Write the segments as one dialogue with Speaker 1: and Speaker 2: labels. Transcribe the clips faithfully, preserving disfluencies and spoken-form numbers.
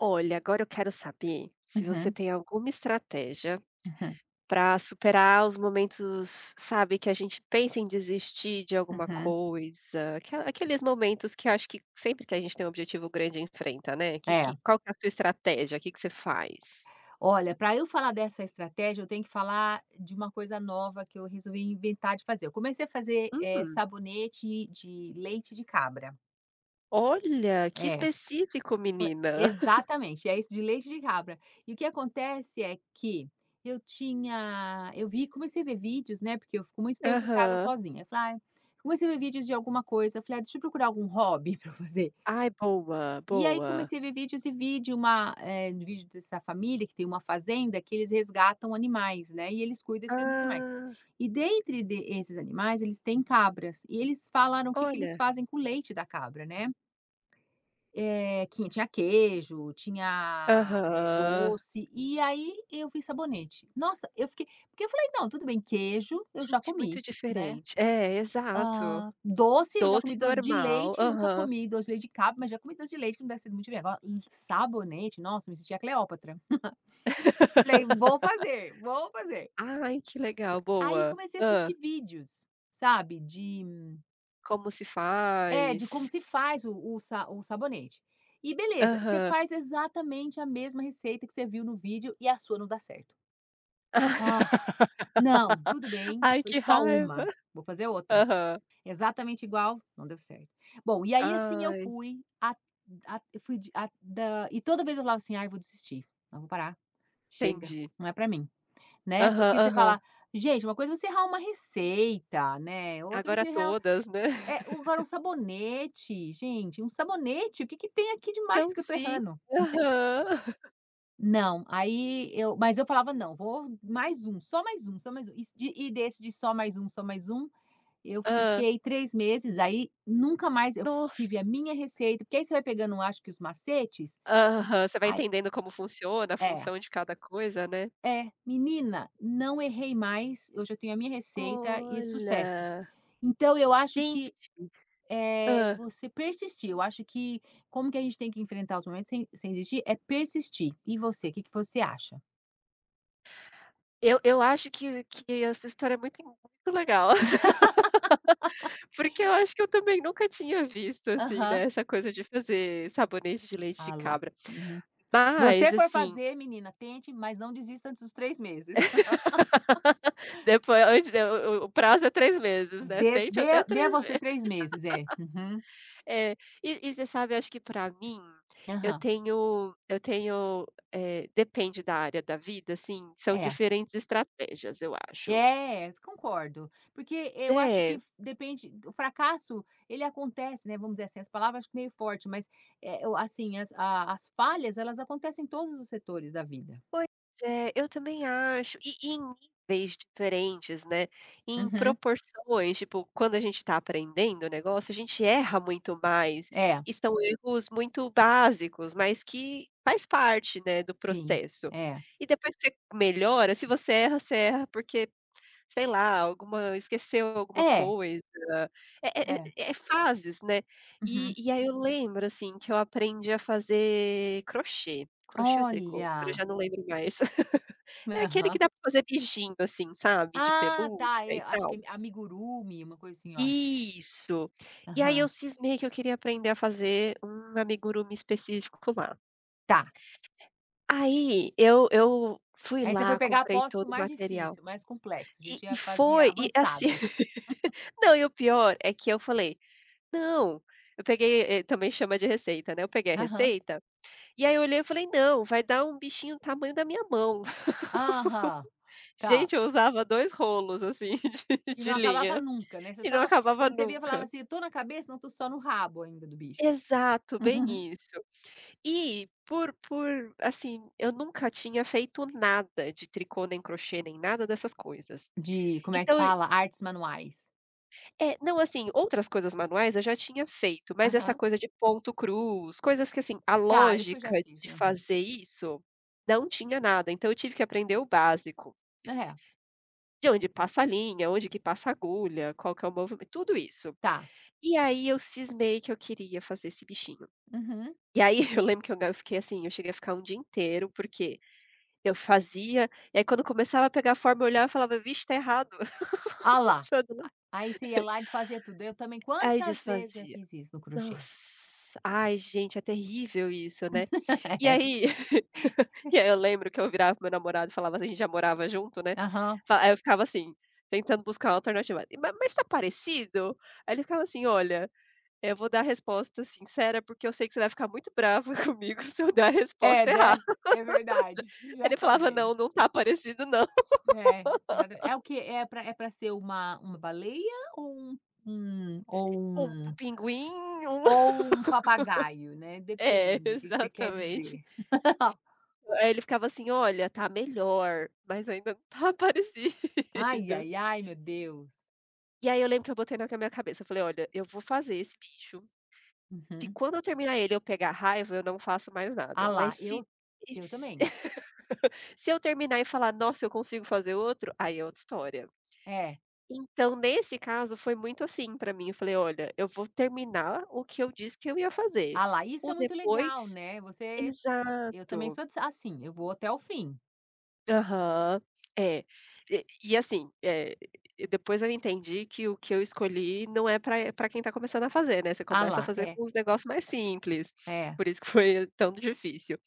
Speaker 1: Olha, agora eu quero saber, se você
Speaker 2: Uhum.
Speaker 1: tem alguma estratégia
Speaker 2: Uhum.
Speaker 1: para superar os momentos, sabe, que a gente pensa em desistir de alguma
Speaker 2: Uhum.
Speaker 1: coisa. Aquela aqueles momentos que eu acho que sempre que a gente tem um objetivo grande enfrenta, né. Que
Speaker 2: É.
Speaker 1: que qual que é a sua estratégia? Que que você faz?
Speaker 2: Olha, para eu falar dessa estratégia, eu tenho que falar de uma coisa nova que eu resolvi inventar de fazer. Eu comecei a fazer, eh,
Speaker 1: Hum.
Speaker 2: sabonete de leite de cabra.
Speaker 1: Olha, que
Speaker 2: É.
Speaker 1: específico,
Speaker 2: Foi
Speaker 1: menina.
Speaker 2: exatamente. É isso, de leite de cabra. E o que acontece é que eu tinha eu vi comecei a ver vídeos, né, porque eu fico muito tempo em casa
Speaker 1: Aham.
Speaker 2: sozinha. Eu falei: "Ai", comecei a ver vídeos de alguma coisa. Eu falei: "Ah, deixa eu procurar algum hobby para fazer".
Speaker 1: Ai, boa,
Speaker 2: E aí,
Speaker 1: boa.
Speaker 2: comecei a ver vídeos e vi de uma, eh, de vídeo dessa família que tem uma fazenda, que eles resgatam animais, né? E eles cuidam desses animais.
Speaker 1: Ah.
Speaker 2: E, dentre de esses animais, eles têm cabras. E eles falaram o que que eles
Speaker 1: Olha.
Speaker 2: fazem com o leite da cabra, né? Eh, que tinha queijo, tinha, eh,
Speaker 1: Aham.
Speaker 2: doce. E aí eu vi sabonete. Nossa, eu fiquei porque eu falei: “Não, tudo bem, queijo eu já
Speaker 1: Gente, muito
Speaker 2: comi, né?
Speaker 1: diferente. É, exato.
Speaker 2: Ah, doce, eu já comi
Speaker 1: Doce
Speaker 2: doce de
Speaker 1: normal.
Speaker 2: leite. Nunca
Speaker 1: Aham.
Speaker 2: comi doce de leite de cabra, mas já comi doce de leite, que não deve ser muito diferente. Agora, um sabonete?”. Nossa, eu me senti a Cleópatra. Falei: “Vou fazer, vou fazer”.
Speaker 1: Ai, que legal.
Speaker 2: Aí,
Speaker 1: Boa.
Speaker 2: comecei a assistir
Speaker 1: Hã?
Speaker 2: vídeos, sabe, de
Speaker 1: Como se
Speaker 2: É, de como
Speaker 1: faz.
Speaker 2: se faz o o sa o sabonete, e beleza, você
Speaker 1: Aham.
Speaker 2: faz exatamente a mesma receita que você viu no vídeo e a sua não dá certo. Ah, não, tudo bem,
Speaker 1: Ai
Speaker 2: foi
Speaker 1: que
Speaker 2: só
Speaker 1: raiva.
Speaker 2: uma. Vou fazer outra,
Speaker 1: Aham.
Speaker 2: exatamente igual. Não deu certo. Bom, e aí assim eu
Speaker 1: Ai.
Speaker 2: fui a a eu fui de a da e toda vez eu falava assim: "Ai eu vou desistir. Não, vou parar, chega,
Speaker 1: Entendi.
Speaker 2: não é para mim", né,
Speaker 1: Aham,
Speaker 2: porque você
Speaker 1: aham.
Speaker 2: fala: "Gente, uma coisa é você errar uma receita, né. Outra
Speaker 1: Agora
Speaker 2: você errar,
Speaker 1: todas, né.
Speaker 2: é agora um sabonete, gente, um sabonete, o que que tem aqui
Speaker 1: Então
Speaker 2: demais que eu estou
Speaker 1: sim,
Speaker 2: errando?", né.
Speaker 1: aham.
Speaker 2: Não, aí eu mas eu falava: "Não, vou mais um, só mais um, só mais um", e de e desse, de só mais um, só mais um, eu
Speaker 1: Hã.
Speaker 2: fiquei três meses, aí, nunca mais eu
Speaker 1: Nossa.
Speaker 2: tive a minha receita, porque aí você vai pegando um acho que os macetes,
Speaker 1: Aham. Você vai
Speaker 2: ai
Speaker 1: entendendo como funciona a
Speaker 2: É.
Speaker 1: função de cada coisa, né.
Speaker 2: É, menina, não errei mais. Eu já tenho a minha receita e é sucesso.
Speaker 1: Olha.
Speaker 2: Então eu acho que
Speaker 1: [unintelligible]
Speaker 2: é
Speaker 1: Hã.
Speaker 2: você persistir. Eu acho que, como que a gente tem que enfrentar os momentos sem sem desistir, é persistir. E você, que que você acha?
Speaker 1: Eu eu acho que que essa história é muito muito legal. Porque eu acho que eu também nunca tinha visto assim,
Speaker 2: Aham.
Speaker 1: né, essa coisa de fazer sabonete de leite de
Speaker 2: Olha, lá.
Speaker 1: cabra,
Speaker 2: UHum.
Speaker 1: mas
Speaker 2: você for
Speaker 1: assim
Speaker 2: fazer menina, tente, mas não desista antes dos três meses.
Speaker 1: Depo foi antes de o o o prazo é três meses, né?
Speaker 2: Dê
Speaker 1: Tem
Speaker 2: dê
Speaker 1: até
Speaker 2: dê a
Speaker 1: três
Speaker 2: você
Speaker 1: meses.
Speaker 2: três meses. É. Uhum.
Speaker 1: É, e e você sabe, eu acho que, pra mim, eu
Speaker 2: Aham.
Speaker 1: tenho eu tenho, eh, depende da área da vida, assim, são
Speaker 2: É.
Speaker 1: diferentes estratégias. Eu acho.
Speaker 2: É, concordo, porque eu acho que
Speaker 1: É.
Speaker 2: f depende d o fracasso, ele acontece, né, vamos dizer assim. As palavras, acho que meio forte, mas, eh-eh, o assim as a as falhas, elas acontecem em todos os setores da vida.
Speaker 1: Pois é, eu também acho. E e em níveis diferentes, né, em
Speaker 2: Uhum.
Speaker 1: proporções Tipo, quando a gente está aprendendo o negócio, a gente erra muito mais.
Speaker 2: É.
Speaker 1: E são erros muito básicos, mas que faz parte, né, do
Speaker 2: Sim,
Speaker 1: processo.
Speaker 2: é.
Speaker 1: E depois que você melhora, se você erra, você erra, porque, sei lá, alguma esqueceu alguma
Speaker 2: É.
Speaker 1: coisa. É é
Speaker 2: É.
Speaker 1: é é fases, né? E
Speaker 2: Uhum.
Speaker 1: e aí eu lembro, assim, que eu aprendi a fazer crochê. Crochê ou tricô? Agora eu
Speaker 2: Olha.
Speaker 1: já não lembro mais. É aquele que
Speaker 2: Aham.
Speaker 1: dá pra fazer bichinho, assim, sabe, de
Speaker 2: Ah,
Speaker 1: pelúcia
Speaker 2: tá. É,
Speaker 1: e
Speaker 2: acho que
Speaker 1: tal.
Speaker 2: é a amigurumi, uma coisa assim, eu acho.
Speaker 1: Isso. E aí, eu
Speaker 2: Aham.
Speaker 1: cismei que eu queria aprender a fazer um amigurumi específico lá.
Speaker 2: Tá.
Speaker 1: Aí, eu eu fui
Speaker 2: Aí você foi
Speaker 1: lá,
Speaker 2: pegar a
Speaker 1: comprei
Speaker 2: posse com o
Speaker 1: todo o
Speaker 2: mais
Speaker 1: material.
Speaker 2: difícil, mais complexo. Já
Speaker 1: E
Speaker 2: tinha
Speaker 1: e
Speaker 2: a fase
Speaker 1: foi e, assim,
Speaker 2: avançado.
Speaker 1: não, e o pior é que eu falei: “Não”. Eu peguei, eh, também chama de receita, né? Eu peguei a
Speaker 2: Aham.
Speaker 1: receita e aí eu olhei e falei: “Não, vai dar um bichinho do tamanho da minha mão”.
Speaker 2: Aham, tá.
Speaker 1: Gente, eu usava dois rolos, assim, de
Speaker 2: E não
Speaker 1: de
Speaker 2: acabava
Speaker 1: linha,
Speaker 2: nunca, né? Você
Speaker 1: e não
Speaker 2: estava
Speaker 1: acabava
Speaker 2: quando você via, falava
Speaker 1: nunca.
Speaker 2: assim: "Eu estou na cabeça? Não, estou só no rabo ainda do bicho".
Speaker 1: Exato, bem isso. E, por por assim, eu nunca tinha feito nada de tricô, nem crochê, nem nada dessas coisas.
Speaker 2: De, como é que
Speaker 1: Então e
Speaker 2: fala? Artes manuais.
Speaker 1: É, não assim, outras coisas manuais, eu já tinha feito, mas essa
Speaker 2: Aham.
Speaker 1: coisa de ponto cruz, coisas que assim, a
Speaker 2: Tá, eu fui já
Speaker 1: lógica
Speaker 2: fiz,
Speaker 1: de
Speaker 2: aham.
Speaker 1: fazer isso não tinha nada, então eu tive que aprender o básico.
Speaker 2: É.
Speaker 1: De onde passa a linha, onde que passa a agulha, qual que é o movimento, tudo isso.
Speaker 2: Tá.
Speaker 1: E aí eu cismei que eu queria fazer esse bichinho.
Speaker 2: Uhum.
Speaker 1: E aí eu lembro que eu ga fiquei assim, eu cheguei a ficar um dia inteiro, porque eu fazia, e aí quando começava a pegar a forma, eu olhava e falava: "Vixe, tá errado".
Speaker 2: Ah lá, aí você ia
Speaker 1: [unintelligible]
Speaker 2: lá e desfazia tudo. Eu também,
Speaker 1: Aí
Speaker 2: quantas vezes já
Speaker 1: desfazia.
Speaker 2: fiz isso no crochê.
Speaker 1: Nossa, ai gente, é terrível isso, né. E
Speaker 2: É.
Speaker 1: aí e aí eu lembro que eu virava para o meu namorado, e falava assim a gente já morava junto, né,
Speaker 2: Aham.
Speaker 1: fa aí eu ficava assim, tentando buscar uma alternativa: "Ma mas tá parecido?", aí ele ficava assim: "Olha, eh, vou dar a resposta sincera, porque eu sei que você vai ficar muito brava comigo se eu dar a
Speaker 2: É,
Speaker 1: resposta errada".
Speaker 2: né, é verdade, já
Speaker 1: Ele falava:
Speaker 2: sabendo.
Speaker 1: "Não, não tá parecido, não".
Speaker 2: É, exatamente. É o que é pra é pra ser uma uma baleia ou um um ou
Speaker 1: Um p
Speaker 2: um
Speaker 1: pinguim, um
Speaker 2: ou um papagaio, né.
Speaker 1: É,
Speaker 2: Depende, o que que você quer
Speaker 1: exatamente.
Speaker 2: dizer.
Speaker 1: Hã, eh, ele ficava assim: "Olha, tá melhor, mas ainda não tá
Speaker 2: Ai,
Speaker 1: parecido".
Speaker 2: ai, ai, meu Deus.
Speaker 1: E aí eu lembro que eu botei na ca na minha cabeça, eu falei: "Olha, eu vou fazer esse bicho. Se
Speaker 2: Uhum.
Speaker 1: quando eu terminar ele, eu pegar raiva, eu não faço mais
Speaker 2: Ah
Speaker 1: nada".
Speaker 2: lá,
Speaker 1: Mas se
Speaker 2: eu
Speaker 1: e
Speaker 2: eu
Speaker 1: s
Speaker 2: também.
Speaker 1: se eu terminar, e falar: "Nossa, eu consigo fazer outro", aí é outra história.
Speaker 2: É.
Speaker 1: Então, nesse caso, foi muito assim pra mim, eu falei: "Olha, eu vou terminar o que eu disse que eu ia fazer,
Speaker 2: Ah lá, isso
Speaker 1: o
Speaker 2: é muito
Speaker 1: depois"
Speaker 2: legal, né, você eu também
Speaker 1: exato.
Speaker 2: sou d assim, eu vou até o fim.
Speaker 1: Aham. É, e e assim, eh, depois eu entendi que o que eu escolhi não é pra, eh, pra quem tá começando a fazer, né, você
Speaker 2: Ah
Speaker 1: começa a
Speaker 2: lá,
Speaker 1: fazer
Speaker 2: é.
Speaker 1: com os negócios mais simples,
Speaker 2: É.
Speaker 1: por isso que foi tão difícil.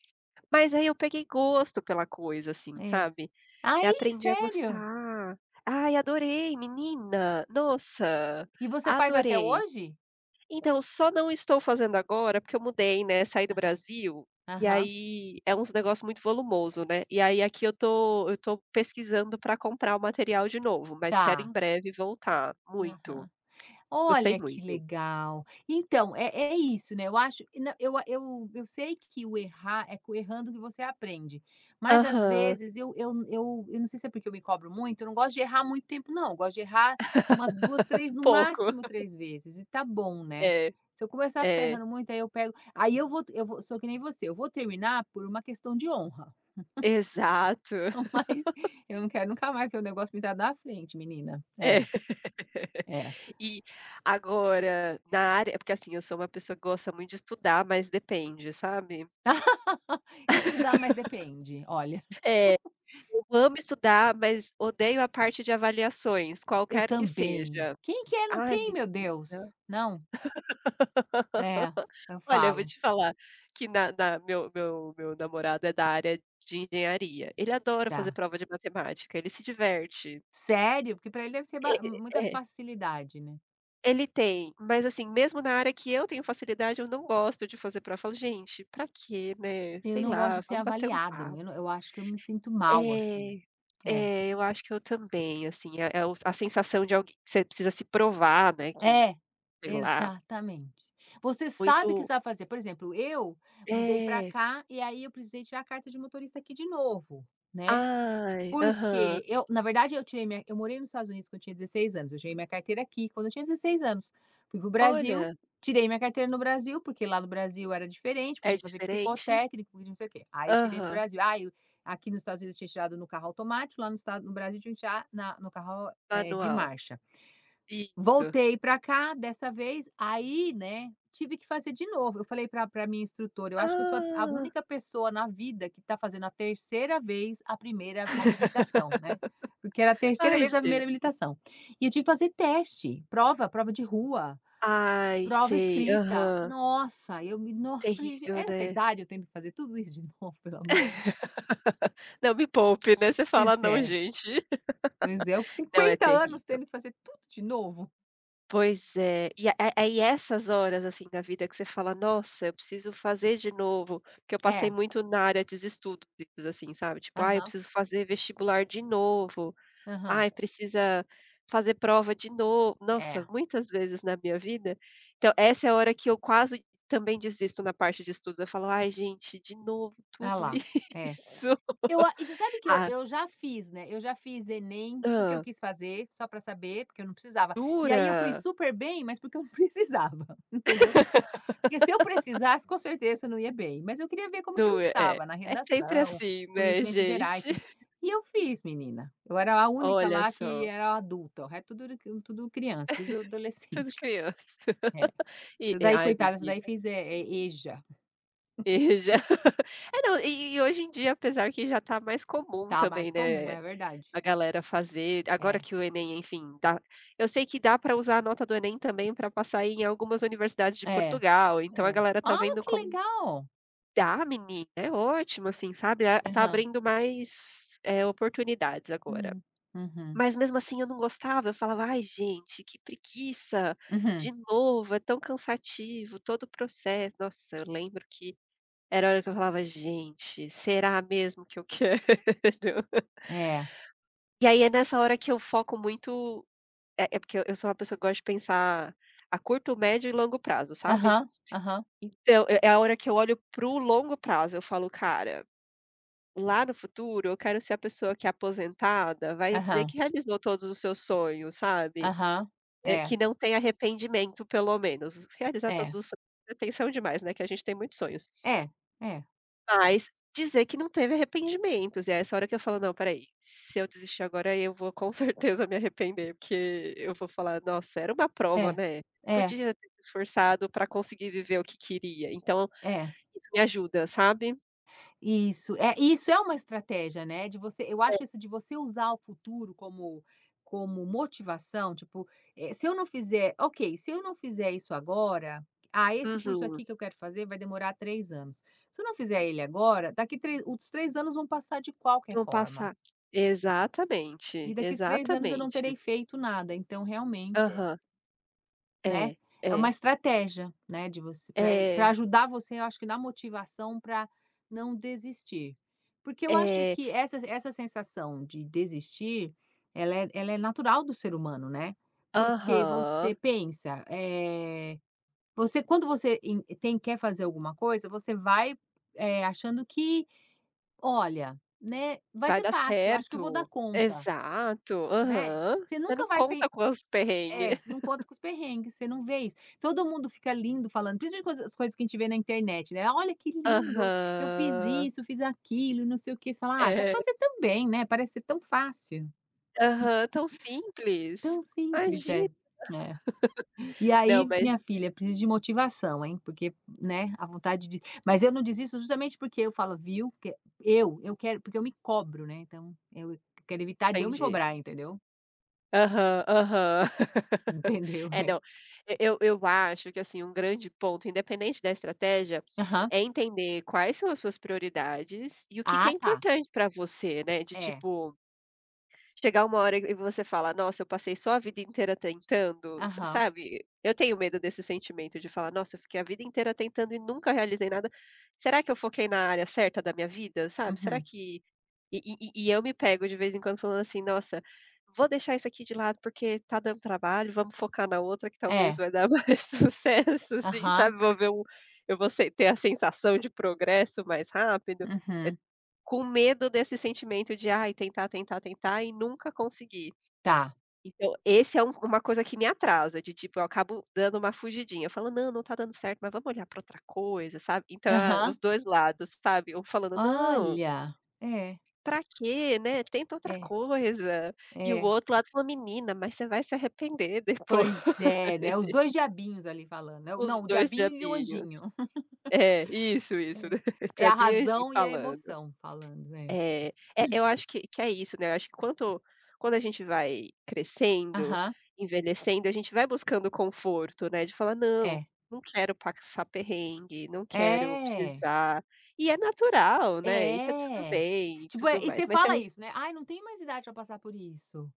Speaker 1: Mas aí eu peguei gosto pela coisa, assim,
Speaker 2: É.
Speaker 1: sabe. Eh,
Speaker 2: Aí,
Speaker 1: aprendi a
Speaker 2: sério?
Speaker 1: gostar. Ai, adorei. Menina, nossa,
Speaker 2: E você faz até
Speaker 1: adorei!
Speaker 2: hoje?
Speaker 1: Então, só não estou fazendo agora, porque eu mudei, né, saí do
Speaker 2: Aham.
Speaker 1: Brasil, e
Speaker 2: Aham.
Speaker 1: aí, é uns negócios muito volumoso, né, e aí aqui eu tô eu tô pesquisando pra comprar o material de novo, mas quero
Speaker 2: Tá.
Speaker 1: em breve voltar, muito.
Speaker 2: Aham.
Speaker 1: Gostei
Speaker 2: Olha que
Speaker 1: muito.
Speaker 2: legal. Então, é é isso, né, eu acho e nã eu a eu eu sei que o errar, é com errando que você aprende, mas às
Speaker 1: Aham.
Speaker 2: vezes eu eu n eu eu não sei se é porque eu me cobro muito, eu não gosto de errar muito tempo não, gosto de errar umas duas, três, no
Speaker 1: Pouco.
Speaker 2: máximo três vezes e tá bom, né.
Speaker 1: É.
Speaker 2: Se eu começar a ficar
Speaker 1: É.
Speaker 2: errando muito, aí eu pego aí eu vou t eu vou sou que nem você, eu vou terminar por uma questão de honra.
Speaker 1: Exato.
Speaker 2: Mas eu não quero nunca mais vê o negócio pintado na frente, menina.
Speaker 1: É.
Speaker 2: É. É.
Speaker 1: E agora na área é porque assim, eu sou uma pessoa que gosta muito de estudar, mas depende, sabe.
Speaker 2: Estudar, mas depende. Olha.
Speaker 1: É, eu amo estudar, mas odeio a parte de avaliações,
Speaker 2: Eu
Speaker 1: qualquer que
Speaker 2: também.
Speaker 1: seja.
Speaker 2: Quem quer não,
Speaker 1: Ai,
Speaker 2: quem? Meu Deus.
Speaker 1: menina.
Speaker 2: Não. É, eu
Speaker 1: Olha, vou
Speaker 2: falo.
Speaker 1: te falar que na na meu meu meu namorado é da área de engenharia. Ele adora fazer
Speaker 2: Tá.
Speaker 1: prova de matemática, ele se diverte.
Speaker 2: Sério? Porque para ele deve ser
Speaker 1: E
Speaker 2: ba m
Speaker 1: e
Speaker 2: muita
Speaker 1: e é
Speaker 2: facilidade, né.
Speaker 1: Ele tem, mas assim, mesmo na área que eu tenho facilidade, eu não gosto de fazer prova, eu falo: "Gente, para quê, né.
Speaker 2: Eu
Speaker 1: Sei
Speaker 2: não gosto
Speaker 1: lá,
Speaker 2: de ser
Speaker 1: vamos bater um
Speaker 2: avaliado,
Speaker 1: papo".
Speaker 2: eu não eu acho que eu me sinto mal, assim.
Speaker 1: É
Speaker 2: É.
Speaker 1: é, eu acho que eu também, assim, é é o a sensação de alg você precisa se provar, né, que,
Speaker 2: É,
Speaker 1: sei lá
Speaker 2: exatamente. Você sabe que
Speaker 1: Muito
Speaker 2: você vai fazer, por exemplo, eu mudei pra
Speaker 1: É.
Speaker 2: cá, e aí eu precisei tirar a carta de motorista aqui de novo, né,
Speaker 1: Ai, aham.
Speaker 2: porque eu na verdade, eu tirei minha eu morei nos Estados Unidos quando eu tinha dezesseis anos, eu tirei minha carteira aqui, quando eu tinha dezesseis anos. Fui para o Brasil,
Speaker 1: Olha.
Speaker 2: tirei minha carteira no Brasil, porque lá no Brasil era diferente, porque
Speaker 1: É
Speaker 2: tinha que fazer
Speaker 1: diferente.
Speaker 2: psicotécnico, e não sei o quê. Aí eu tirei no
Speaker 1: Aham.
Speaker 2: Brasil. Ai o aqui nos Estados Unidos eu tinha tirado no carro automático, lá no estado no Brasil tinha que tirar na no carro, eh, de
Speaker 1: Anual.
Speaker 2: marcha.
Speaker 1: Isso.
Speaker 2: Voltei pra cá, dessa vez. Aí, né, tive que fazer de novo. Eu falei pra pra a minha instrutora: "Eu acho que eu sou a a
Speaker 1: Ah.
Speaker 2: única pessoa na vida que tá fazendo a terceira vez a primeira habilitação, né", porque era a terceira
Speaker 1: Ai
Speaker 2: vez a primeira
Speaker 1: gente.
Speaker 2: habilitação. E tive que fazer teste, prova, prova de rua,
Speaker 1: Ai,
Speaker 2: prova
Speaker 1: sei.
Speaker 2: escrita.
Speaker 1: Aham.
Speaker 2: Nossa, eu me nos eu falei: "Gen
Speaker 1: Terrível,
Speaker 2: essa
Speaker 1: né.
Speaker 2: idade, eu tendo que fazer tudo isso de novo, pelo amor".
Speaker 1: Não, me poupe, né, você
Speaker 2: Pois
Speaker 1: fala: "Não,
Speaker 2: é.
Speaker 1: gente".
Speaker 2: Pois é, eu com
Speaker 1: Não, é
Speaker 2: cinquenta anos
Speaker 1: terrível.
Speaker 2: tendo que fazer tudo de novo.
Speaker 1: Pois é. E é é aí essas horas, assim, da vida que você fala: "Nossa, eu preciso fazer de novo", porque eu passei
Speaker 2: É.
Speaker 1: muito na área de estudos, assim, sabe. Tipo: "Ah, eu
Speaker 2: Aham.
Speaker 1: preciso fazer vestibular de novo.
Speaker 2: Aham.
Speaker 1: Ai, precisa fazer prova de no" nossa,
Speaker 2: É.
Speaker 1: muitas vezes na minha vida. Então essa é a hora que eu quase, também, desisto na parte de estudo. Eu falo: "Ai, gente, de novo
Speaker 2: A
Speaker 1: tudo isso".
Speaker 2: lá, é. Eu a e você sabe que eu
Speaker 1: Ah
Speaker 2: eu já fiz, né, eu já fiz Enem, porque eu
Speaker 1: Hã.
Speaker 2: quis fazer, só para saber, porque eu não precisava. E aí eu fui
Speaker 1: Jura?
Speaker 2: super bem, mas porque eu não precisava, entendeu. Porque se eu precisasse, com certeza eu não ia bem. Mas eu queria ver como que eu
Speaker 1: Não é é
Speaker 2: estava na
Speaker 1: é sempre
Speaker 2: redação,
Speaker 1: assim, né,
Speaker 2: conhecimentos gerais,
Speaker 1: gente.
Speaker 2: e eu fiz, menina. Eu era a única
Speaker 1: Olha
Speaker 2: lá, que
Speaker 1: só.
Speaker 2: era adulta, o re tudo era tudo criança, tudo
Speaker 1: Tudo
Speaker 2: adolescente.
Speaker 1: criança.
Speaker 2: É.
Speaker 1: E
Speaker 2: Essa
Speaker 1: é,
Speaker 2: daí,
Speaker 1: ai
Speaker 2: coitada, essa daí
Speaker 1: menina.
Speaker 2: fez, eh eh, EJA.
Speaker 1: E já é não, e e e hoje em dia, apesar que já tá mais comum
Speaker 2: Tá mais
Speaker 1: também,
Speaker 2: comum,
Speaker 1: né,
Speaker 2: é verdade.
Speaker 1: a galera fazer Agora
Speaker 2: É.
Speaker 1: que o Enem, enfim, dá eu sei que dá pra usar a nota do Enem, também, pra passar em algumas universidades de
Speaker 2: É,
Speaker 1: Portugal, então a
Speaker 2: é.
Speaker 1: galera tá
Speaker 2: Ah,
Speaker 1: vendo
Speaker 2: que
Speaker 1: como
Speaker 2: legal!
Speaker 1: Dá, menina, é ótimo, assim, sabe. Ah tá
Speaker 2: Aham.
Speaker 1: abrindo mais, eh, oportunidades agora.
Speaker 2: Hum. Uhum.
Speaker 1: Mas, mesmo assim, eu não gostava. Eu falava: "Ai, gente, que preguiça.
Speaker 2: Uhum.
Speaker 1: De novo? É tão cansativo todo o processo". Nossa, eu lembro que era a hora que eu falava: "Gente, será mesmo que eu quero?".
Speaker 2: É.
Speaker 1: E aí é nessa hora que eu foco muito eh, é porque eu eu sou uma pessoa que eu gosto de pensar a curto, médio e longo prazo, sabe.
Speaker 2: Aham, aham.
Speaker 1: Então, é é a hora que eu olho para o longo prazo. Eu falo: "Cara, lá no futuro, eu quero ser a pessoa que é aposentada, vai dizer
Speaker 2: Aham.
Speaker 1: que realizou todos os seus sonhos", sabe.
Speaker 2: Aham.
Speaker 1: Eh, que
Speaker 2: É.
Speaker 1: não tem arrependimento pelo menos. Realizar todos
Speaker 2: É.
Speaker 1: os sonhos é tensão demais, né, que a gente tem muitos sonhos.
Speaker 2: É, é.
Speaker 1: Mas dizer que não teve arrependimentos, é essa hora que eu falo: "Não, espera aí, se eu desistir agora, aí eu vou com certeza me arrepender", porque eu vou falar: "Nossa, era uma prova,
Speaker 2: É,
Speaker 1: né.
Speaker 2: é.
Speaker 1: Podia ter se esforçado para conseguir viver o que queria". Então,
Speaker 2: É.
Speaker 1: isso me ajuda, sabe.
Speaker 2: Isso, é isso é uma estratégia, né, de você eu
Speaker 1: É.
Speaker 2: acho isso de você usar o futuro como como motivação, tipo, eh, se eu não fizer ok, se eu não fizer isso agora, ah, esse curso
Speaker 1: Uhum.
Speaker 2: aqui que eu quero fazer vai demorar três anos. Se eu não fizer ele agora, daqui tre os três anos vão passar de qualquer
Speaker 1: Vão
Speaker 2: forma.
Speaker 1: passar, exatamente,
Speaker 2: E daqui três anos eu não terei
Speaker 1: exatamente.
Speaker 2: feito nada, então realmente é
Speaker 1: Aham.
Speaker 2: Né.
Speaker 1: É,
Speaker 2: É uma
Speaker 1: é.
Speaker 2: estratégia, né, de você pra pra
Speaker 1: É.
Speaker 2: ajudar você eu acho que na motivação para não desistir, porque eu acho
Speaker 1: É.
Speaker 2: que essa essa sensação de desistir, ela é ela é natural do ser humano, né. Porque você
Speaker 1: Aham.
Speaker 2: pensa, eh, você, quando você en tem, quer fazer alguma coisa, você vai, eh, achando que: "Olha, né, vai
Speaker 1: Vai
Speaker 2: ser
Speaker 1: dar
Speaker 2: fácil acho que eu vou dar
Speaker 1: certo,
Speaker 2: conta",
Speaker 1: exato.
Speaker 2: né.
Speaker 1: Aham,
Speaker 2: Você
Speaker 1: você
Speaker 2: nunca
Speaker 1: não
Speaker 2: vai pen
Speaker 1: conta com os perrengue.
Speaker 2: é, não conta com os perrengues. Você não vê isso, todo mundo fica lindo falando, principalmente com as coisas que a gente vê na internet, né. "Olha que lindo, eu fiz
Speaker 1: Aham.
Speaker 2: isso, eu fiz aquilo, não sei o quê" fala: "Ah, vou
Speaker 1: É.
Speaker 2: fazer também, né." Parece ser tão fácil.
Speaker 1: Aham, tão simples,
Speaker 2: Tão simples
Speaker 1: imagina.
Speaker 2: é, é. E
Speaker 1: Não,
Speaker 2: aí,
Speaker 1: mas
Speaker 2: minha
Speaker 1: é
Speaker 2: filha, preciso de motivação, hein. Porque, né, a vontade de mas eu não desisto justamente porque eu falo: "Viu" que eu eu quero porque eu me cobro, né. Então eu quero evitar de eu me
Speaker 1: Entendi.
Speaker 2: cobrar, entendeu.
Speaker 1: Aham, aham,
Speaker 2: Entendeu,
Speaker 1: eh,
Speaker 2: é.
Speaker 1: não, e eu eu acho que, assim, um grande ponto, independente da estratégia,
Speaker 2: Aham.
Speaker 1: é entender quais são as suas prioridades e o que que é
Speaker 2: Ah, tá.
Speaker 1: importante pra você, né, de
Speaker 2: É.
Speaker 1: tipo, chegar uma hora e e você fala: "Nossa, eu passei só a vida inteira tentando", sa
Speaker 2: Aham.
Speaker 1: sabe? Eu tenho medo desse sentimento, de falar: "Nossa, eu fiquei a vida inteira tentando e nunca realizei nada. Será que eu foquei na área certa da minha vida, sabe? Será
Speaker 2: Uhum.
Speaker 1: que" E e e e eu me pego, de vez em quando, falando assim: "Nossa, vou deixar isso aqui de lado, porque tá dando trabalho, vamos focar na outra que talvez
Speaker 2: É.
Speaker 1: vai dar mais sucesso assim,
Speaker 2: Aham.
Speaker 1: sabe." Vou ver um eu vou se ter a sensação de progresso mais rápido, eh,
Speaker 2: Uhum.
Speaker 1: com medo desse sentimento de: "Ah, tentar, tentar, tentar e nunca conseguir".
Speaker 2: Tá.
Speaker 1: Então esse é um uma coisa que me atrasa, de tipo, eu acabo dando uma fugidinha, eu falo: "Não, não tá dando certo, mas vamos olhar pra outra coisa, sabe?". Então, é os
Speaker 2: Aham.
Speaker 1: dois lados, sabe, eu falando: "Não"
Speaker 2: Olha, é.
Speaker 1: "pra quê, né, tenta outra
Speaker 2: É
Speaker 1: coisa." E o
Speaker 2: é.
Speaker 1: outro lado fala: "Menina, mas você vai se arrepender depois."
Speaker 2: Pois é, né, os dois diabinhos ali falando é,
Speaker 1: Os
Speaker 2: não, o
Speaker 1: dois
Speaker 2: diabinho e o
Speaker 1: diabinhos.
Speaker 2: anjinho.
Speaker 1: É, isso, isso,
Speaker 2: É
Speaker 1: né,
Speaker 2: é a
Speaker 1: diabinho e anjinho
Speaker 2: razão e a
Speaker 1: falando.
Speaker 2: emoção falando, é.
Speaker 1: É, eh, eu acho que que é isso, né, eu acho que quanto quando a gente vai crescendo,
Speaker 2: Aham.
Speaker 1: envelhecendo, a gente vai buscando conforto, né, de falar: "Não,
Speaker 2: É.
Speaker 1: não quero passar perrengue, não quero
Speaker 2: É.
Speaker 1: precisar", e é natural, né, e tá tudo
Speaker 2: É,
Speaker 1: bem e
Speaker 2: tipo,
Speaker 1: tudo
Speaker 2: é e
Speaker 1: mais.
Speaker 2: você
Speaker 1: Mas se a
Speaker 2: fala isso, né: "Ai, não tem mais idade para passar por isso",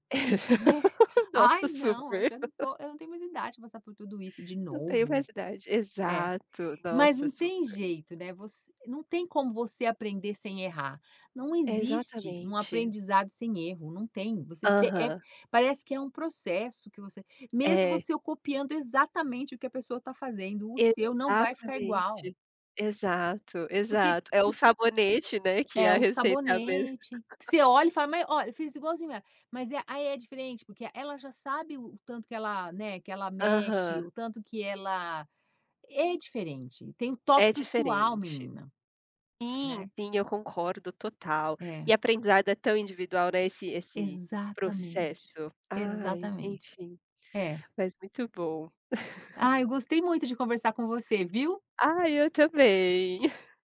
Speaker 2: né: "Ai,
Speaker 1: Nossa,
Speaker 2: não, eu
Speaker 1: super.
Speaker 2: já não estou, eu não tenho mais idade para passar por tudo isso de
Speaker 1: "Não tenho
Speaker 2: novo."
Speaker 1: mais idade",
Speaker 2: É,
Speaker 1: exato,
Speaker 2: mas
Speaker 1: nossa,
Speaker 2: não tem
Speaker 1: super.
Speaker 2: jeito, né, você não tem como você aprender sem errar. Não existe um
Speaker 1: Exatamente.
Speaker 2: aprendizado sem erro, não tem você te eh,
Speaker 1: Aham.
Speaker 2: parece que é um processo que você mesmo
Speaker 1: É.
Speaker 2: você copiando exatamente o que a pessoa está fazendo, o seu não vai ficar igual.
Speaker 1: Exatamente, exato,
Speaker 2: Porque,
Speaker 1: exato. É
Speaker 2: po
Speaker 1: o sabonete, né, que
Speaker 2: É
Speaker 1: a
Speaker 2: o
Speaker 1: receita é a mesma.
Speaker 2: sabonete que você olha e fala: "Mas ó, eu fiz igualzinho ela". Mas é aí é diferente, porque ela já sabe o tanto que ela, né, que ela mexe
Speaker 1: Aham.
Speaker 2: o tanto que ela é diferente, tem um toque
Speaker 1: É
Speaker 2: pessoal
Speaker 1: diferente.
Speaker 2: menina,
Speaker 1: Sim,
Speaker 2: né.
Speaker 1: sim, eu concordo total e
Speaker 2: É.
Speaker 1: aprendizado é tão individual, né, esse esse
Speaker 2: Exatamente,
Speaker 1: processo ai,
Speaker 2: exatamente.
Speaker 1: enfim,
Speaker 2: É.
Speaker 1: mas muito bom.
Speaker 2: Ah, eu gostei muito de conversar com você, viu?
Speaker 1: Ah, eu também.